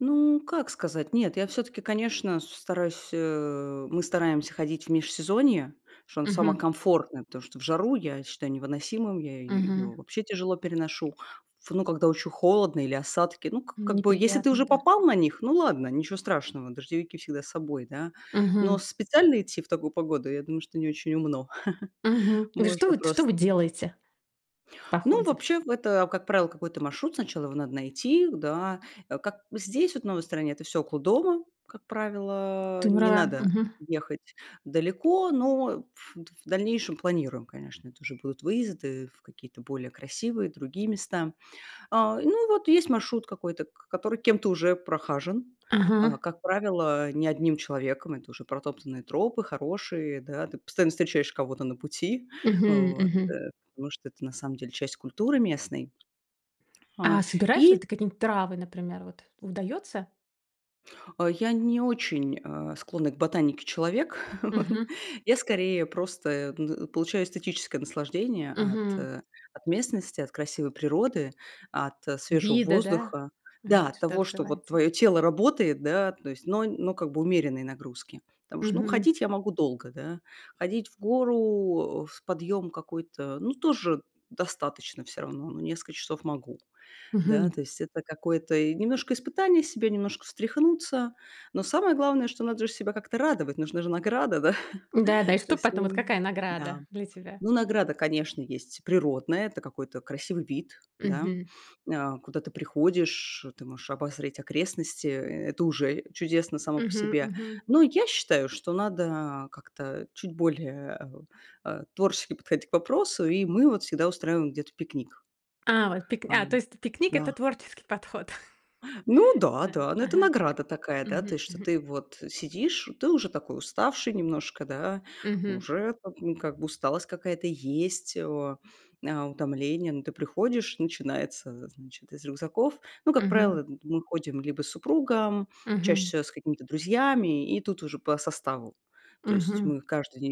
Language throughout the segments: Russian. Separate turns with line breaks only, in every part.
Ну как сказать? Нет, я всё-таки, конечно, с стараюсь, э мы стараемся ходить в межсезонье, что оно само
Мгм.
комфортное, потому что в жару я считаю невыносимым, я
Мгм.
её вообще тяжело переношу. В ну, когда очень холодно или осадки, ну, к
Н
как бы, если ты
неприятно,
уже
да.
попал на них, ну, ладно, ничего страшного, дождевики всегда с собой, да. Но
Мгм.
специально идти в такую погоду, я думаю, что не очень умно.
Мгм. И что,
Можно
вот что
просто
вы делаете в
Ну,
походе?
вообще, в это, как правило, какой-то маршрут. Сначала его надо найти, да. А как здесь, вот в новой стране, это всё около дома. Как
Ты
правило, не
права,
надо
мгм.
ехать далеко, но в в дальнейшем планируем, конечно, это уже будут выезды в какие-то более красивые другие места. А, и ну вот есть маршрут какой-то, к который кем-то уже прохажен. А,
Ага.
как правило, не одним человеком, это уже протоптанные тропы, хорошие, да. Ты постоянно встречаешь кого-то на пути,
Мгм
вот, э,
мгм.
потому что это на самом деле часть культуры местной. А,
А собираешь ли
и
ты какие-нибудь травы, например вот? Удается?
А я не очень, а, склонный к ботанике человек.
Мгм.
Я скорее просто, э, ну получаю эстетическое наслаждение от,
Мгм.
э, от местности, от красивой природы, от свежего
Виды, да,
воздуха. Да,
вид,
от
что
того, что вот
открывается.
твоё тело работает, да, то есть но но как бы умеренные нагрузки. Потому что ну
Мгм.
ходить я могу долго, да, ходить в гору, э, в подъём какой-то, ну тоже достаточно всё равно, ну несколько часов могу. Да,
Мгм.
то есть это какое-то и немножко испытание себя, немножко встряхнуться. Но самое главное, что надо же себя как-то радовать, нужна же награда, да.
Да-да, и
То
что
есть
потом, вот
н
какая
да.
награда для тебя?
Ну, награда, конечно, есть природная. Это какой-то красивый вид, да,
Мгм.
а, куда ты приходишь, ты можешь обозреть окрестности, и это уже чудесно само по
Мгм
себе.
мгм.
Но я считаю, что надо как-то чуть более, э, у, э, творчески подходить к вопросу, и мы вот всегда устраиваем где-то пикник.
А, вот пик а то
Ам,
есть пикник-
да.
это творческий подход.
Ну
Да,
да-да, ну это
ага,
награда такая, да, то
мгм
есть, что
мгм.
ты вот сидишь, ты уже такой уставший немножко, да,
Мгм.
уже как, м, как бы усталость какая-то есть, о, а, утомление. Но ты приходишь, начинается, э, значит, из рюкзаков Ну, как правило,
Мгм.
это мы ходим либо с супругом, чаще
Мгм.
всего с какими-то друзьями, и тут уже по составу. То есть
Мгм.
мы каждый [unintelligible]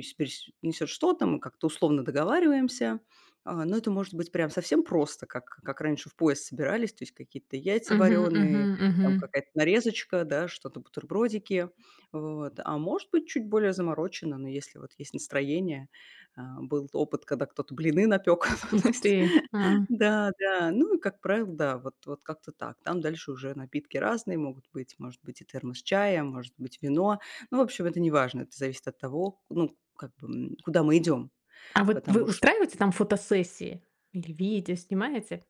несет что-то, мы как-то условно договариваемся. А, но это может быть прям совсем просто, как как раньше в поезд собирались: то есть какие-то яйца
Мгм
вареные,
мгм
там
мгм.
какая-то нарезочка, да, что-то бутербродики. Вот, а может быть чуть более заморочено, но если вот есть настроение. А, был опыт, когда кто-то блины напёк,
Ух
то есть,
ты! М.
да-да. Ну и как правило, да, вот вот как-то так. Там дальше уже напитки разные могут быть, может быть и термос чая, может быть вино. Ну в общем, это неважно, это зависит от того, ну как бы, м, куда мы идем.
А вот вы
Потому ш
устраиваете там фотосессии? Или видео снимаете?